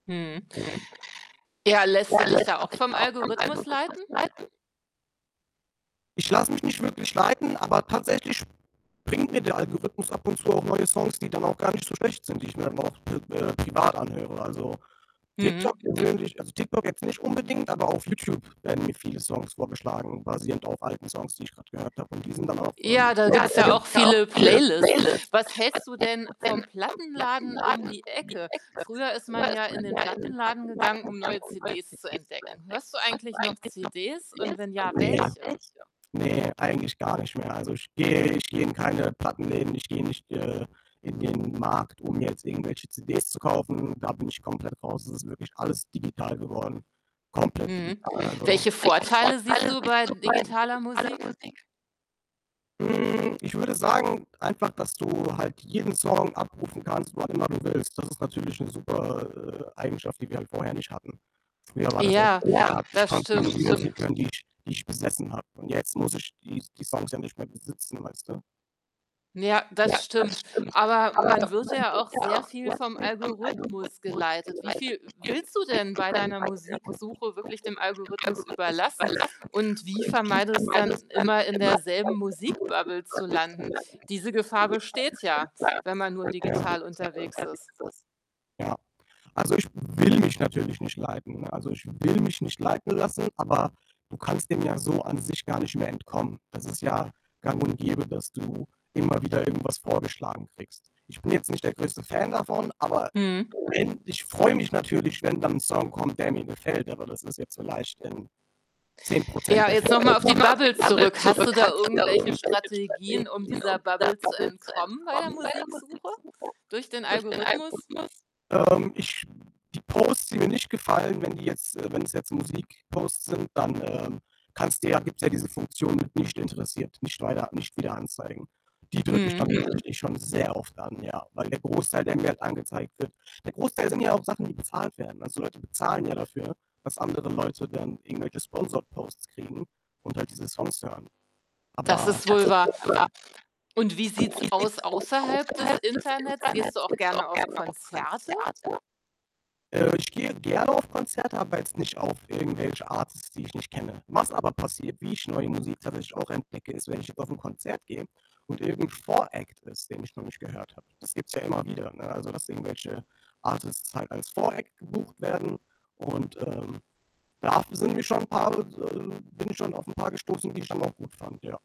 Mhm. Ja, lässt du dich da auch vom Algorithmus leiten? Ich lasse mich nicht wirklich leiten, aber tatsächlich bringt mir der Algorithmus ab und zu auch neue Songs, die dann auch gar nicht so schlecht sind, die ich mir dann auch pe äh, privat anhöre. Also, TikTok Mhm. persönlich also TikTok jetzt nicht unbedingt, aber auf Youtube werden mir viele Songs vorgeschlagen, basierend auf alten Songs, die ich grad gehört habe und die sind dann auch, Ja, ähm da gibt 's ja auch viele Playlists. Was hältst du denn vom Plattenladen um die Ecke? Früher ist man ja in den Plattenladen gegangen, um neue CDs zu entdecken. Hörst du eigentlich noch CDs und wenn ja, welche? Ne, ne, eigentlich gar nicht mehr. Also ich gehe ich gehe in keine Plattenläden. Ich gehe nicht, äh, in den Markt, um mir jetzt irgendwelche CDs zu kaufen. Da bin ich komplett raus. Es ist wirklich alles digital geworden. Komplett Mhm. digital. Also Welche Vorteile siehst du bei digitaler Musik? Hm, ich würde sagen einfach, dass du halt jeden Song abrufen kannst, wann immer du willst. Das ist natürlich 'ne super, äh, Eigenschaft, die wir halt vorher nicht hatten. Früher war das Ja, ja, das stimmt. [unintelligible] Musik hören, die ich die ich besessen habe und jetzt muss ich die s die Songs ja nicht mehr besitzen, weißt du? Ja, Ja. Ja. das stimmt. Aber man wird ja auch sehr viel vom Algorithmus geleitet. Wie viel willst du denn bei deiner Musiksuche wirklich dem Algorithmus überlassen und wie vermeidest dann, immer, in derselben Musik-Bubble zu landen? Diese Gefahr besteht ja, wenn man nur digital unterwegs ist. Also, ich will mich natürlich nicht leiten, ne? Also, ich will mich nicht leiten lassen, aber du kannst dem ja so an sich gar nicht mehr entkommen. Das ist ja gang und gäbe, dass du immer wieder irgendwas vorgeschlagen kriegst. Ich bin jetzt nicht der größte Fan davon, aber Mhm. wenn ich freue mich natürlich, wenn dann ein Song kommt, der mir gefällt, aber das ist jetzt vielleicht in 10 % Ja, der Fäll jetzt noch mal auf die Bubble zurück. Hast du da irgendwelche Strategien, um dieser Bubble zu entkommen bei der Musiksuche? Durch den Algorithmus? [unintelligible] Ähm, ich die Posts, die mir nicht gefallen, wenn die jetzt äh, wenn's jetzt Musik-Posts sind, dann, ähm, kannst dir ja gibt's ja diese Funktion mit „nicht interessiert, nicht weiter nicht wieder anzeigen.“ Die drücke ich dann Mhm. tatsächlich schon sehr oft dann, ja, weil der Großteil der mir halt angezeigt wird der Großteil sind ja auch Sachen, die bezahlt werden. Also, Leute bezahlen ja dafür, dass andere Leute dann irgendwelche sponsored Posts kriegen und halt diese Songs hören. Das Aber, ist wohl wahr. Und wie sieht's aus außerhalb des Internets? Gehst du auch gerne auf Konzerte? äh, ich gehe gerne auf Konzerte, aber jetzt nicht auf irgendwelche Artists, die ich nicht kenne. Was aber passiert, wie ich neue Musik tatsächlich auch entdecke, ist, wenn ich jetzt auf 'n Konzert gehe und irgend 'n Vor-Act ist, den ich noch nicht gehört habe. Das gibt 's ja immer wieder, ne, also, dass irgendwelche Artists halt als Vor-Act gebucht werden und, ähm, da f sind mich schon ein paar, äh, d äh, bin ich schon auf 'n paar gestoßen, die ich dann auch gut fand, ja.